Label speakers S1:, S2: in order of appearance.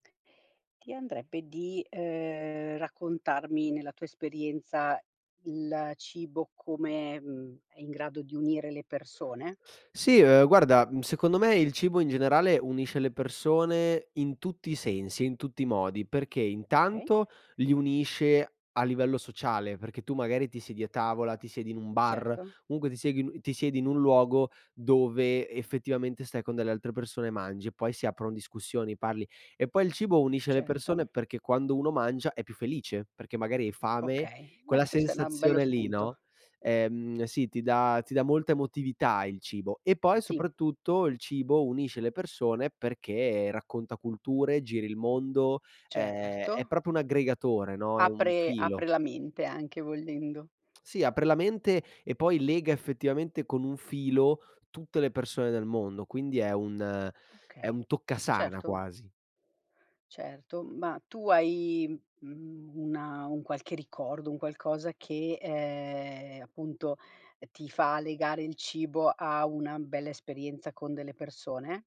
S1: Ti andrebbe di, ehm, raccontarmi nella tua esperienza il cibo come, mhmm, è in grado di unire le persone?
S2: Sì, uhm, guarda, mhmm, secondo me il cibo in generale unisce le persone in tutti i sensi e in tutti i modi, perché:
S1: Okay.
S2: intanto, li unisce a livello sociale, perché tu magari ti siedi a tavola, ti siedi in un bar,
S1: Certo.
S2: comunque ti seghi l ti siedi in un luogo dove effettivamente stai con delle altre persone e mangi, e poi si aprono discussioni, parli; e poi il cibo unisce le
S1: Certo.
S2: persone, perché quando uno mangia è più felice, perché magari hai fame,
S1: Okay. Beh,
S2: quella
S1: questo è una bello
S2: sensazione lì,
S1: spunto.
S2: no, ehm, sì, ti dà ti dà molta emotività il cibo. E poi,
S1: Sì.
S2: soprattutto, il cibo unisce le persone perché racconta culture, giri il mondo, ehm, è
S1: Certo.
S2: proprio un aggregatore, no, è un
S1: Apre
S2: filo.
S1: apre la mente, anche volendo.
S2: Sì, apre la mente e poi lega effettivamente con un filo tutte le persone del mondo, quindi è un è
S1: Okay,
S2: un toccasana
S1: certo.
S2: quasi.
S1: Certo. Ma tu hai, mhmm, una un qualche ricordo, un qualcosa che, ehm, appunto, ti fa legare il cibo a una bella esperienza con delle persone?